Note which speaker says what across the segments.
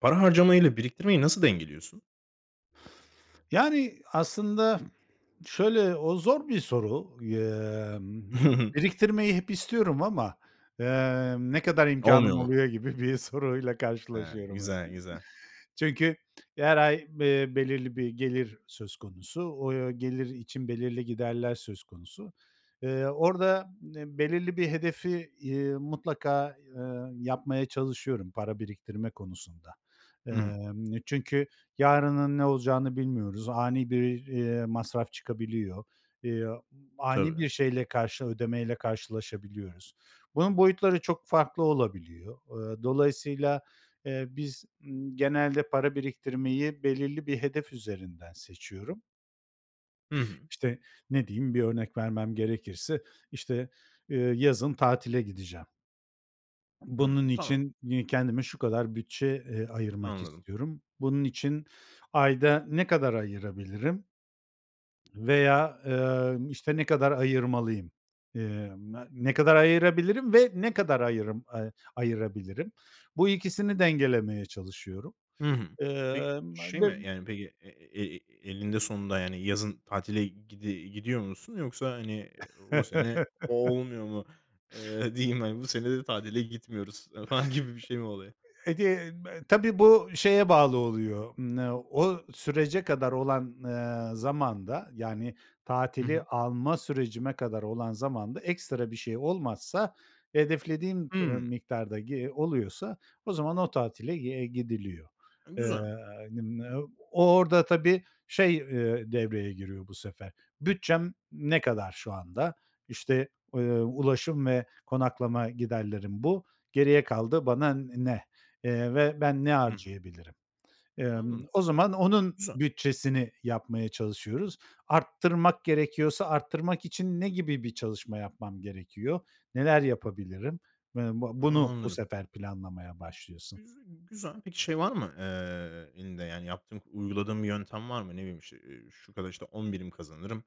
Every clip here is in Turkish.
Speaker 1: Para harcamayla biriktirmeyi nasıl dengeliyorsun?
Speaker 2: Yani, aslında şöyle, o zor bir soru. Eee, m m biriktirmeyi hep istiyorum ama, emm, "Ne kadar
Speaker 1: Olmuyor
Speaker 2: imkânım
Speaker 1: mu?
Speaker 2: oluyor?" gibi bir soruyla
Speaker 1: He.
Speaker 2: karşılaşıyorum hep.
Speaker 1: Güzel, güzel.
Speaker 2: Çünkü her ay, eee, belirli bir gelir söz konusu. O gelir için belirli giderler söz konusu. Eee, orada, em belirli bir hedefi, iii, mutlaka, eee, yapmaya çalışıyorum para biriktirme konusunda.
Speaker 1: Hımm.
Speaker 2: Emm, çünkü yarının ne olacağını bilmiyoruz. Ani bir, eee, masraf çıkabiliyor, eee, ani bir
Speaker 1: Tabii.
Speaker 2: şeyle, karşı ödemeyle karşılaşabiliyoruz. Bunun boyutları çok farklı olabiliyor. Eee, dolayısıyla, eee, biz, ımm, genelde para biriktirmeyi belirli bir hedef üzerinden seçiyorum
Speaker 1: Hı hı.
Speaker 2: işte, ne diyeyim, bir örnek vermem gerekirse, işte, eee, yazın tatile gideceğim. Bunun
Speaker 1: Hımm. Tamam.
Speaker 2: için, iii, kendime şu kadar bütçe, eee, ayırmak
Speaker 1: Anladım.
Speaker 2: istiyorum. Bunun için ayda ne kadar ayırabilirim veya, emm, işte ne kadar ayırmalıyım? Eee, me ne kadar ayırabilirim ve ne kadar ayırım eee, ayırabilirim? Bu ikisini dengelemeye çalışıyorum.
Speaker 1: Hı hı. Peki,
Speaker 2: Emm, ma
Speaker 1: şey mi,
Speaker 2: bim
Speaker 1: yani, peki, e e eninde sonunda, yani, yazın tatile, gidi gidiyor musun yoksa, hani, o sene olmuyor mu, eee, diyeyim, hani, "Bu sene de tatile gitmiyoruz." ı falan gibi bir şey mi oluyor?
Speaker 2: E gen me tabii, bu şeye bağlı oluyor, ımm, o sürece kadar olan, eee, zamanda, yani,
Speaker 1: Hı
Speaker 2: tatili
Speaker 1: hı.
Speaker 2: alma sürecime kadar olan zamanda ekstra bir şey olmazsa hedeflediğim [unintelligible]
Speaker 1: Hımm.
Speaker 2: miktarda, gi oluyorsa o zaman o tatile, eee, gidiliyor.
Speaker 1: E,
Speaker 2: Eee,
Speaker 1: güzel.
Speaker 2: n m o orada, tabii, şey, eee, devreye giriyor, bu sefer, "Bütçem ne kadar şu anda?" İşte, eee, ulaşım ve konaklama giderlerim, bu geriye kaldı bana, n ne, eee, ve, "Ben ne
Speaker 1: Hı hı.
Speaker 2: harcayabilirim?" Emm,
Speaker 1: Anladım.
Speaker 2: o zaman onun
Speaker 1: Güzel.
Speaker 2: bütçesini yapmaya çalışıyoruz. Arttırmak gerekiyorsa arttırmak için ne gibi bir çalışma yapmam gerekiyor? Neler yapabilirim? Eee, bu bunu, bu
Speaker 1: Anladım.
Speaker 2: sefer planlamaya başlıyorsun.
Speaker 1: Güzü güzel. Peki, şey, var mı, eee, elinde, yani, yaptığın, uyguladığın bir yöntem var mı? Ne bileyim, işte, eee, şu kadar, işte, 10 birim kazanırım.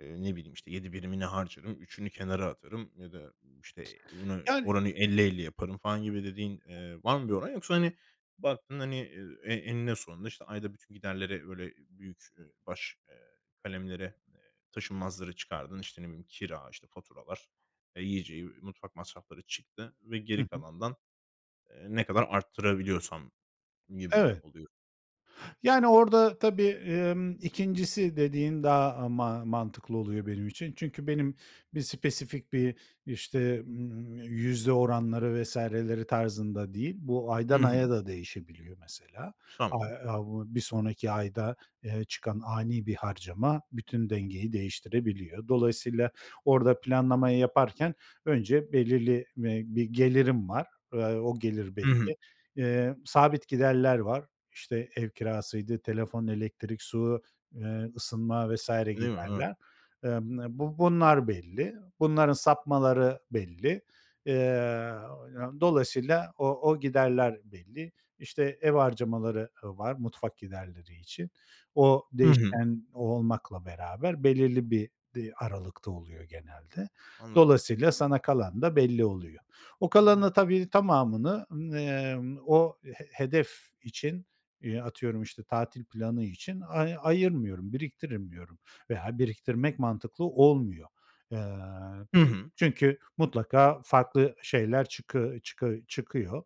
Speaker 1: Eee, ne bileyim, işte, 7 birimini harcarım, 3'ünü kenara atarım ya da, işte, bunu
Speaker 2: Yani
Speaker 1: oranı 50-50 yaparım, falan, gibi dediğin, eee, var mı bir oran yoksa, hani, baktığında, hani, eee, e eninde sonunda, işte, ayda bütün giderleri böyle büyük baş, eee, kalemlere, eee, taşınmazları çıkardın, işte, ne bileyim, kira, işte, faturalar, eee, yiyeceği, mutfak masrafları çıktı ve
Speaker 2: Hı
Speaker 1: geri
Speaker 2: hı.
Speaker 1: kalandan, eee, ne kadar artırabiliyorsam gibi mi
Speaker 2: Evet.
Speaker 1: oluyor?
Speaker 2: Yani, orada, tabii, emm, 2'ncisi dediğin daha ma mantıklı oluyor benim için. Çünkü benim bir spesifik, bir, işte, ımm, yüzde oranları vs.leri tarzında değil. Bu aydan
Speaker 1: Hı
Speaker 2: aya
Speaker 1: hı.
Speaker 2: da değişebiliyor mesela. A
Speaker 1: Tamam.
Speaker 2: a bu bir sonraki ayda, eee, çıkan ani bir harcama bütün dengeyi değiştirebiliyor. Dolayısıyla, orada planlamayı yaparken önce belirli, eee, bir gelirim var, eee, o gelir
Speaker 1: Hı hı.
Speaker 2: belli, eee, sabit giderler var. İşte, ev kirasıydı, telefon, elektrik, su, eee, ısınma, vs.
Speaker 1: Değil mi? Evet.
Speaker 2: giderler. Eee m bu bunlar belli. Bunların sapmaları belli. Eee, dolayısıyla o o giderler belli. İşte, ev harcamaları ı var mutfak giderleri için. O
Speaker 1: Hı hı.
Speaker 2: değişken olmakla beraber belirli bir di aralıkta oluyor genelde.
Speaker 1: Anladım.
Speaker 2: Dolayısıyla sana kalan da belli oluyor. O kalanın
Speaker 1: Anladım.
Speaker 2: da tabii, tamamını, ımm, eee, o, he hedef için, eee, atıyorum, işte, tatil planı için ay ayırmıyorum, biriktirmiyorum veya biriktirmek mantıklı olmuyor. Eee,
Speaker 1: Hı hı.
Speaker 2: çünkü mutlaka farklı şeyler çıkı çıkı çıkıyor.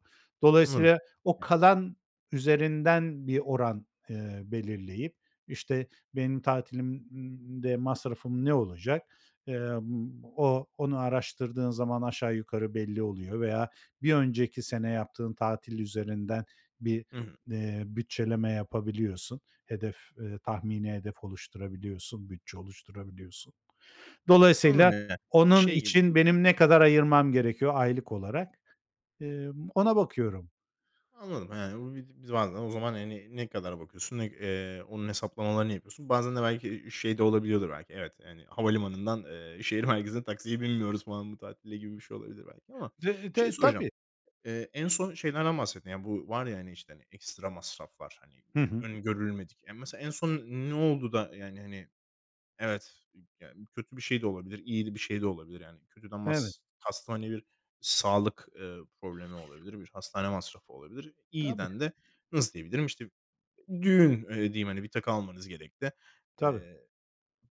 Speaker 1: Anladım.
Speaker 2: Dolayısıyla, o kalan üzerinden bir oran, eee, belirleyip, işte, benim tatilimde masrafım ne olacak? Eee, m o onu araştırdığın zaman aşağı yukarı belli oluyor veya bir önceki sene yaptığın tatil üzerinden bir,
Speaker 1: Hı hı.
Speaker 2: eee, bütçeleme yapabiliyorsun. Hedef, eee, tahmini hedef oluşturabiliyorsun, bütçe oluşturabiliyorsun. Dolayısıyla onun
Speaker 1: [unintelligible]
Speaker 2: için benim ne kadar ayırmam gerekiyor aylık olarak? Emm, ona bakıyorum.
Speaker 1: Anladım, yani, bu biz biz bazen o zaman, hani, ne kadara bakıyorsun, ne eee, onun hesaplamalarını yapıyorsun. Bazen de belki, iii, şey de olabiliyordur belki evet, hani, havalimanından, eee, şehir merkezine taksiye binmiyoruz falan bu tatilde, gibi bir şey olabilir belki ama
Speaker 2: De
Speaker 1: şeyi
Speaker 2: de
Speaker 1: soracağım.
Speaker 2: tabii.
Speaker 1: Eee, en son şeylerden bahsettin. Bu var ya, hani, işte, hani, ekstra masraflar, hani, eee,
Speaker 2: Hı hı.
Speaker 1: önü görülmedik. E, mesela en son ne oldu da yani, hani, evet yani, kötü bir şey de olabilir, iyi de bir şey de olabilir, yani, kötüden
Speaker 2: Evet.
Speaker 1: mas kastım, hani, bir sağlık, eee, problemi olabilir, bir hastane masrafı olabilir.
Speaker 2: Tabii.
Speaker 1: İyiden de nasıl diyebilirim, işte, düğün, eee, diyeyim, hani, bir takı almanız gerekti,
Speaker 2: Tabii.
Speaker 1: eee,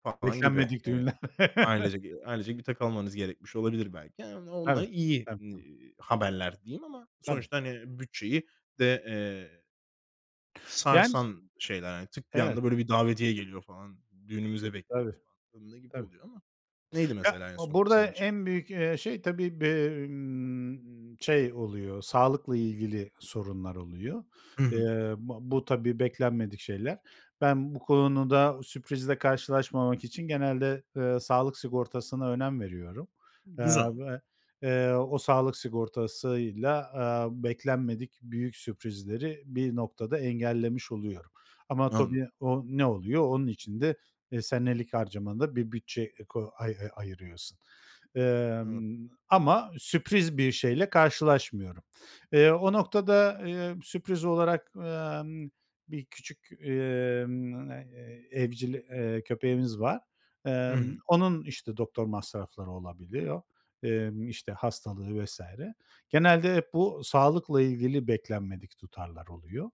Speaker 1: papağan gibi.
Speaker 2: Beklenmedik
Speaker 1: Evet,
Speaker 2: düğünler.
Speaker 1: ailecek, eee, ailecek bir takı almanız gerekmiş olabilir belki. Ha o onunla iyi,
Speaker 2: [unintelligible]
Speaker 1: iii, haberler diyeyim ama
Speaker 2: Tabii.
Speaker 1: sonuçta, hani, bütçeyi de, eee
Speaker 2: Yani
Speaker 1: sarsan şeyler, hani, tık, bir
Speaker 2: Evet.
Speaker 1: anda böyle bir davetiye geliyor, falan, "Düğünümüze
Speaker 2: Tabii.
Speaker 1: bekliyoruz." falan, [unintelligible] gibi
Speaker 2: Tabii.
Speaker 1: oluyor ama neydi mesela
Speaker 2: [unintelligible]
Speaker 1: en son
Speaker 2: Burada
Speaker 1: senin için?
Speaker 2: en büyük, eee, şey tabii, be ımm, şey oluyor, sağlıkla ilgili sorunlar oluyor.
Speaker 1: Hı hı.
Speaker 2: Eee, ba bu tabii, beklenmedik şeyler. Ben bu konuda sürprizle karşılaşmamak için genelde, eee, sağlık sigortasına önem veriyorum, eee,
Speaker 1: Güzel.
Speaker 2: ve, eee, o sağlık sigortasıyla, eee, beklenmedik büyük sürprizleri bir noktada engellemiş oluyorum. Ama
Speaker 1: Anladım.
Speaker 2: tabii o ne oluyor? Onun için de, eee, senelik harcamanda bir bütçe, eee, ko ay ay ayırıyorsun.
Speaker 1: Anladım.
Speaker 2: Emm, ama sürpriz bir şeyle karşılaşmıyorum. Eee, o noktada, eee, sürpriz olarak, emm, bir küçük, emm, eee, evcil, eee, köpeğimiz var.
Speaker 1: Hı
Speaker 2: Emm,
Speaker 1: hı.
Speaker 2: onun, işte, doktor masrafları olabiliyor, emm, işte, hastalığı vs. Genelde hep bu sağlıkla ilgili beklenmedik tutarlar oluyor.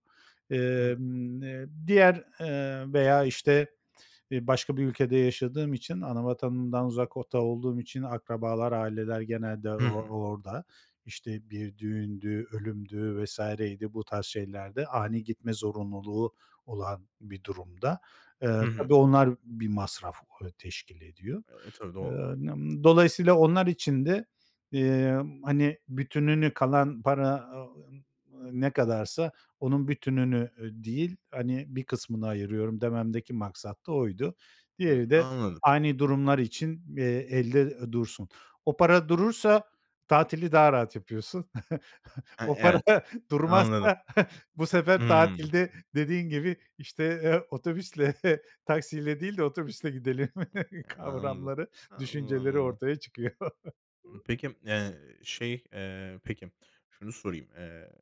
Speaker 1: Anladım.
Speaker 2: Emm, eee, diğer, eee, veya, işte, eee, başka bir ülkede yaşadığım için, ana vatanımdan uzakta olduğum için akrabalar, aileler genelde o
Speaker 1: Hı hı.
Speaker 2: o orada. İşte, bir düğündü, ölümdü, vs.ydi, bu tarz şeylerde ani gitme zorunluluğu olan bir durumda,
Speaker 1: Hı
Speaker 2: eee,
Speaker 1: hı.
Speaker 2: tabii, onlar bir masraf, eee, teşkil ediyor.
Speaker 1: E, tabii,
Speaker 2: Eee,
Speaker 1: doğal olarak.
Speaker 2: n m dolayısıyla onlar için de, eee, hani bütününü, kalan para, a o m ne kadarsa onun bütününü, eee, değil, hani, bir kısmını ayırıyorum dememdeki maksat da oydu. Diğeri
Speaker 1: Hımm.
Speaker 2: de
Speaker 1: Anladım.
Speaker 2: ani durumlar için, eee, elde dursun. O para durursa tatili daha rahat yapıyorsun.
Speaker 1: He,
Speaker 2: O para
Speaker 1: evet. Anladım.
Speaker 2: durmazsa bu sefer
Speaker 1: Hımm.
Speaker 2: tatilde dediğin gibi, işte, eee, otobüsle, taksiyle değil de otobüsle gidelim
Speaker 1: Anladım.
Speaker 2: kavramları, düşünceleri
Speaker 1: [unintelligible]
Speaker 2: ortaya çıkıyor.
Speaker 1: Imm, peki, eee, şey, eee, peki, şunu sorayım. Eee,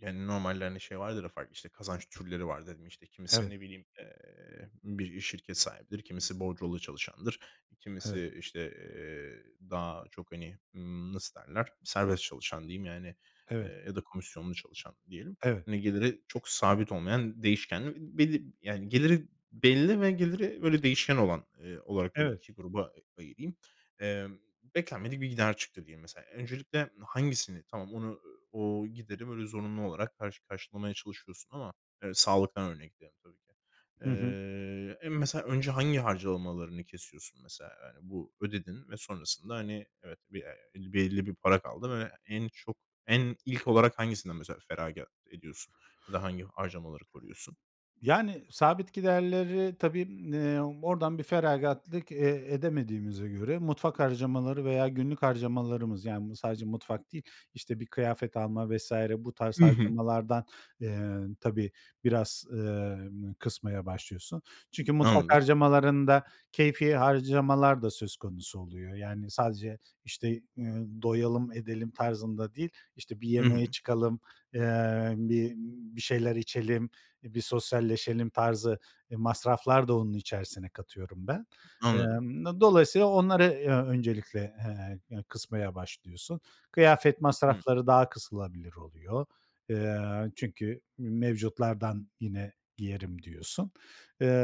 Speaker 1: yani, normalde, hani, şey vardır ya farklı, işte, kazanç türleri var dedin. İşte, kimisi,
Speaker 2: Evet.
Speaker 1: ne bileyim, eee, bir şirket sahibidir, kimisi bordrolu çalışandır.
Speaker 2: Evet.
Speaker 1: Kimisi, işte, eee, daha çok, hani, ımm, nasıl derler, serbest çalışan diyeyim yani,
Speaker 2: Evet.
Speaker 1: eee, ya da komisyonlu çalışan diyelim.
Speaker 2: Evet.
Speaker 1: Hani, geliri çok sabit olmayan değişkenli belli, yani, geliri belli ve geliri böyle değişken olan, eee, olarak böyle
Speaker 2: Evet.
Speaker 1: 2 gruba a ayırayım. Emm, beklenmedik bir gider çıktı diyelim mesela. Öncelikle hangisini tamam onu o gideri, böyle, zorunlu olarak karşı karşılamaya çalışıyorsun ama, eee, sağlıktan örnekleyelim tabii ki.
Speaker 2: Hı hı.
Speaker 1: Eee, en mesela önce hangi harcamalarını kesiyorsun mesela? Yani, bu ödedin ve sonrasında, hani, evet, be eee, belli bir para kaldı ve en çok, en ilk olarak hangisinden mesela feragat ediyorsun ya da hangi harcamaları koruyorsun?
Speaker 2: Yani, sabit giderleri, tabii, m eee, oradan bir feragatlık, eee, edemediğimize göre mutfak harcamaları veya günlük harcamalarımız, yani, m sadece mutfak değil, işte, bir kıyafet alma, vs. bu tarz
Speaker 1: Hı hı.
Speaker 2: harcamalardan, eee, tabii, biraz, emm, kısmaya başlıyorsun. Çünkü mutfak
Speaker 1: Anladım.
Speaker 2: harcamalarında keyfî harcamalar da söz konusu oluyor. Yani sadece, işte, eee, doyalım, edelim tarzında değil, işte, bir
Speaker 1: Hı
Speaker 2: yemeğe
Speaker 1: hı.
Speaker 2: çıkalım, eee, bir bir şeyler içelim, bir sosyalleşelim tarzı masraflar da onun içerisine katıyorum ben.
Speaker 1: Anladım.
Speaker 2: Emm, do dolayısıyla onları, eee, öncelikle, eee, eee, kısmaya başlıyorsun. Kıyafet
Speaker 1: Hımm.
Speaker 2: masrafları daha kısılabilir oluyor. Eee, çünkü m mevcutlardan yine giyerim diyorsun.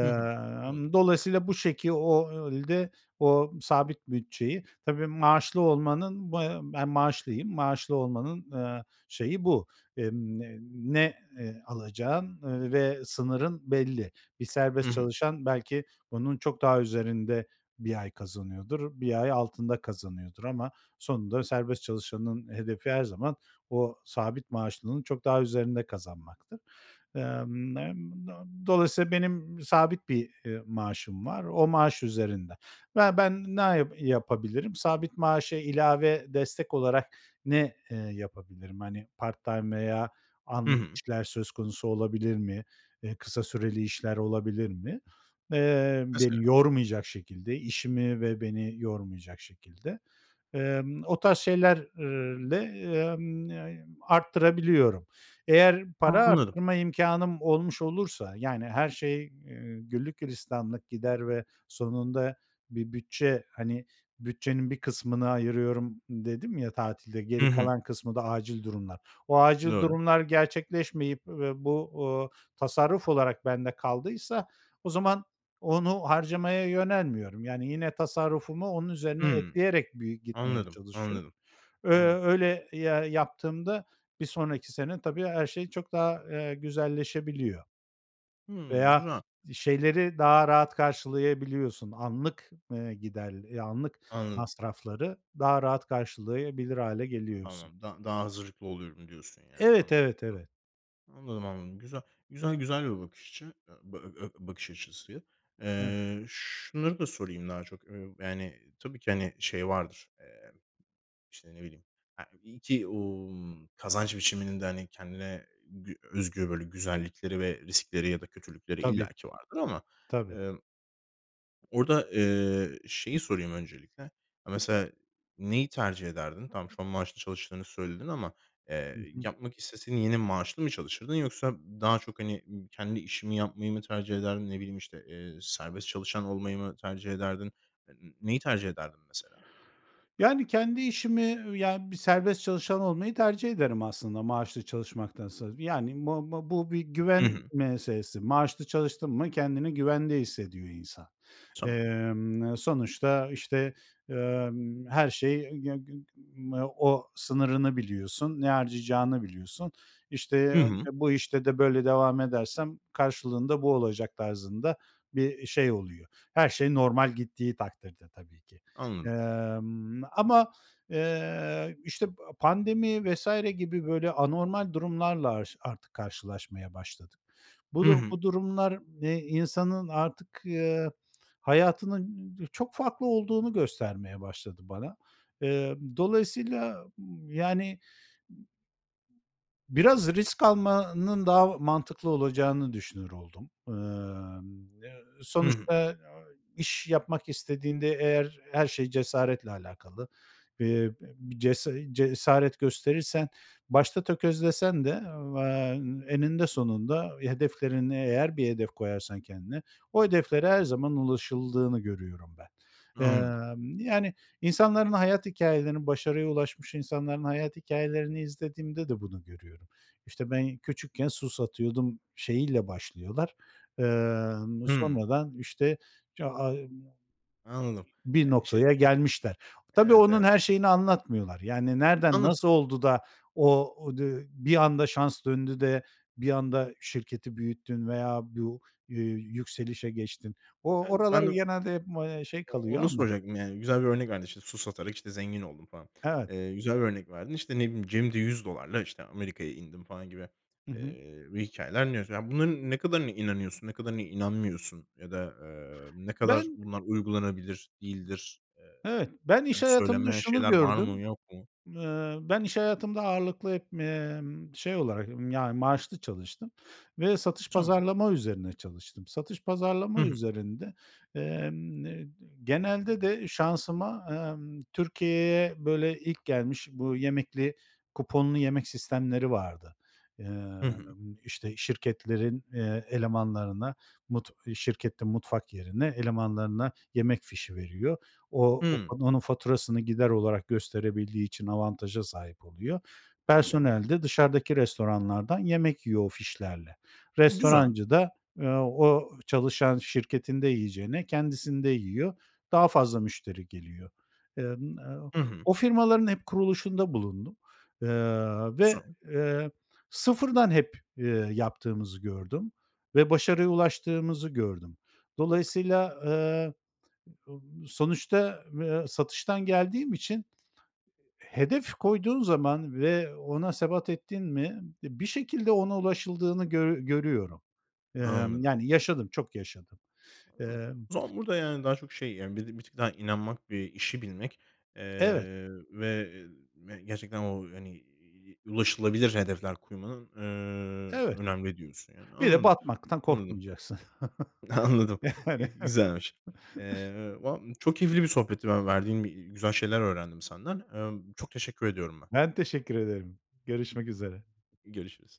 Speaker 1: Hı hı. Anladım.
Speaker 2: dolayısıyla bu şekil ol de, o sabit bütçeyi, tabii, maaşlı olmanın, b ben maaşlıyım, maaşlı olmanın, eee, şeyi bu. Emm, n ne, eee, alacağın, eee, ve sınırın belli. Bir
Speaker 1: Hı
Speaker 2: serbest
Speaker 1: hı.
Speaker 2: çalışan belki onun çok daha üzerinde 1 ay kazanıyordur, 1 ay altında kazanıyordur ama sonunda serbest çalışanın hedefi her zaman o sabit maaşlının çok daha üzerinde kazanmaktır. Emm, n do dolayısıyla benim sabit bir, eee, maaşım var o maaş üzerinde. Ya, ben ne ya yapabilirim? Sabit maaşa ilave destek olarak ne, eee, yapabilirim? Hani, part-time veya
Speaker 1: Hı
Speaker 2: anlık
Speaker 1: hı.
Speaker 2: işler söz konusu olabilir mi? Eee, kısa süreli işler olabilir mi, eee, beni
Speaker 1: Mesela.
Speaker 2: yormayacak şekilde, işimi ve beni yormayacak şekilde? Emm, o tarz şeylerle, emm, ne arttırabiliyorum? Eğer para
Speaker 1: Anladım.
Speaker 2: arttırma imkânım olmuş olursa, yani her şey, eee, güllük gülistanlık gider ve sonunda bir bütçe, hani bütçenin bir kısmını ayırıyorum dedim ya tatilde,
Speaker 1: Hı
Speaker 2: geri
Speaker 1: hı.
Speaker 2: kalan kısmı da acil durumlar. O acil
Speaker 1: Doğru.
Speaker 2: durumlar gerçekleşmeyip ve bu, ııı, tasarruf olarak bende kaldıysa o zaman onu harcamaya yönelmiyorum. Yani yine tasarrufumu onun üzerine
Speaker 1: Hımm.
Speaker 2: ekleyerek bir gitmeye
Speaker 1: Anladım,
Speaker 2: çalışıyorum.
Speaker 1: anladım,
Speaker 2: Eee,
Speaker 1: anladım.
Speaker 2: öyle, ya yaptığımda bir sonraki sene, tabii, her şey çok daha, eee, güzelleşebiliyor.
Speaker 1: Hımm.
Speaker 2: Veya
Speaker 1: Güzel.
Speaker 2: şeyleri daha rahat karşılayabiliyorsun anlık, eee, gider e anlık
Speaker 1: Anladım.
Speaker 2: masrafları daha rahat karşılayabilir hâle geliyorsun.
Speaker 1: Tamam. Da daha hazırlıklı oluyorum diyorsun, yani,
Speaker 2: Evet,
Speaker 1: anladım.
Speaker 2: evet, evet.
Speaker 1: Anladım, anladım, güzel. Güzel güzel bir bakış açı e b ö bakış açısı.
Speaker 2: Hı.
Speaker 1: Eee, şunları da sorayım daha çok, ııı, yani, tabii ki, hani, şey vardır, emm, işte, ne bileyim, e iyi ki, o m kazanç biçiminin de, hani, kendine gü özgü böyle güzellikleri ve riskleri ya da kötülükleri
Speaker 2: Tabii.
Speaker 1: illaki vardır ama,
Speaker 2: Tabii.
Speaker 1: emm orada, eee, şeyi sorayım öncelikle, e mesela, neyi tercih ederdin? Tamam, şu an maaşlı çalıştığını söyledin ama,
Speaker 2: Hı
Speaker 1: eee,
Speaker 2: hı.
Speaker 1: yapmak isteseydin yine maaşlı mı çalışırdın yoksa daha çok, hani, kendi işini yapmayı mı tercih ederdin? Ne bileyim, işte, eee, serbest çalışan olmayı mı tercih ederdin? N neyi tercih ederdin mesela?
Speaker 2: Yani, kendi işimi, ııı, ya bir serbest çalışan olmayı tercih ederim aslında maaşlı çalışmaktansa. Yani, bu bu bu, bir
Speaker 1: Hı
Speaker 2: güven
Speaker 1: hı.
Speaker 2: meselesi. Maaşlı çalıştın mı kendini güvende hissediyor insan.
Speaker 1: Tamam.
Speaker 2: Emm, sonuçta, işte, emm, her şey, g g g o sınırını biliyorsun, ne harcayacağını biliyorsun. İşte,
Speaker 1: Hı
Speaker 2: ı
Speaker 1: hı.
Speaker 2: bu işte de böyle devam edersem karşılığında bu olacak tarzında bir şey oluyor. Her şey normal gittiği takdirde tabii ki.
Speaker 1: Anladım.
Speaker 2: Emm, ama, eee, işte, pa pandemi vs. gibi böyle anormal durumlarla, aş artık karşılaşmaya başladık. Bu,
Speaker 1: Hı
Speaker 2: du
Speaker 1: hı.
Speaker 2: bu durumlar, eee, insanın artık, eee, hayatının, ı çok farklı olduğunu göstermeye başladı bana. Eee, dolayısıyla, yani biraz risk almanın daha o mantıklı olacağını düşünür oldum. Emm, e
Speaker 1: Hı hı.
Speaker 2: sonuçta, ı iş yapmak istediğinde eğer her şey cesaretle alakalı. Eee, bi bi cesa cesaret gösterirsen başta tökezlesen de, eee, eninde sonunda hedeflerini, eğer bir hedef koyarsan kendine, o hedeflere her zaman ulaşıldığını görüyorum ben.
Speaker 1: Anladım.
Speaker 2: Emm, yani, insanların hayat hikâyelerini, başarıya ulaşmış insanların hayat hikâyelerini izlediğimde de bunu görüyorum. İşte, ben küçükken su satıyordum şeyiyle başlıyorlar, emm,
Speaker 1: Hımm.
Speaker 2: sonradan, işte, [unintelligible]
Speaker 1: Anladım.
Speaker 2: bir
Speaker 1: Ya işte
Speaker 2: noktaya gelmişler. Tabii,
Speaker 1: Evet,
Speaker 2: onun
Speaker 1: evet.
Speaker 2: her şeyini anlatmıyorlar. Yani, nereden
Speaker 1: Anladım.
Speaker 2: nasıl oldu da o o di bir anda şans döndü de bir anda şirketi büyüttün veya bu, ııı, yükselişe geçtin? O
Speaker 1: Evet.
Speaker 2: oralar
Speaker 1: Ben de
Speaker 2: genelde hep, eee, şey
Speaker 1: o
Speaker 2: kalıyor
Speaker 1: onu
Speaker 2: ama
Speaker 1: soracaktım, yani, güzel bir örnek verdin, işte, "Su satarak, işte, zengin oldum." falan.
Speaker 2: Evet.
Speaker 1: Eee, güzel bir örnek verdin. İşte, ne bileyim, "Cebimde $100'la, işte, Amerika'ya indim." falan gibi,
Speaker 2: Hı hı.
Speaker 1: eee, hikâyeler dinliyorsun. Bunların ne kadarına inanıyorsun, ne kadarına inanmıyorsun ya da, eee, ne kadar
Speaker 2: Ben
Speaker 1: bunlar uygulanabilir değildir? Eee,
Speaker 2: Evet. Ben iş
Speaker 1: hani,
Speaker 2: hayatımda
Speaker 1: söylenmeyen
Speaker 2: şunu
Speaker 1: şeyler var mı
Speaker 2: gördüm,
Speaker 1: yok mu?
Speaker 2: eee, ben iş hayatımda ağırlıklı hep, emm, şey olarak, yani, maaşlı çalıştım ve satış
Speaker 1: Tamam.
Speaker 2: pazarlama üzerine çalıştım. Satış
Speaker 1: Hı
Speaker 2: pazarlama
Speaker 1: hı.
Speaker 2: üzerinde, emm, n genelde de şansıma, emm, Türkiye'ye böyle ilk gelmiş bu yemekli, kuponlu yemek sistemleri vardı.
Speaker 1: Hı hı.
Speaker 2: Emm, işte, şirketlerin, eee, elemanlarına, mut şirketin mutfak yerine elemanlarına yemek fişi veriyor. O o
Speaker 1: Hımm.
Speaker 2: onun faturasını gider olarak gösterebildiği için avantaja sahip oluyor.
Speaker 1: Tamam.
Speaker 2: Personel de dışarıdaki restoranlardan yemek yiyor o fişlerle.
Speaker 1: Güzel.
Speaker 2: Restorancı da, eee, o çalışan şirketinde yiyeceğine kendisinde yiyor. Daha fazla müşteri geliyor. Emm, o
Speaker 1: Hı hı.
Speaker 2: o firmaların hep kuruluşunda bulundum, eee, ve,
Speaker 1: Güzel.
Speaker 2: eee, sıfırdan hep, eee, yaptığımızı gördüm ve başarıya ulaştığımızı gördüm. Dolayısıyla, eee, ı sonuçta ı satıştan geldiğim için hedef koyduğun zaman ve ona sebat ettin mi bir şekilde ona ulaşıldığını gö görüyorum. Emm,
Speaker 1: Anladım.
Speaker 2: yani, yaşadım, çok yaşadım.
Speaker 1: Anladım.
Speaker 2: Emm
Speaker 1: O zaman burada, yani, daha çok, şey, yani, belli bir tık daha inanmak, bir işi bilmek, eee,
Speaker 2: Evet.
Speaker 1: ve, eee, ve gerçekten, o, hani, iii, ulaşılabilir hedefler koymanın, eee,
Speaker 2: Evet.
Speaker 1: önemli diyorsun, yani.
Speaker 2: Bir de
Speaker 1: Anladım,
Speaker 2: batmaktan
Speaker 1: anladım.
Speaker 2: korkmayacaksın.
Speaker 1: Anladım,
Speaker 2: Yani.
Speaker 1: güzelmiş. Eee, va çok keyifli bir sohbetti. Ben, verdiğin, iii, güzel şeyler öğrendim senden. Emm, çok teşekkür ediyorum ben.
Speaker 2: Ben teşekkür ederim. Görüşmek üzere.
Speaker 1: Görüşürüz.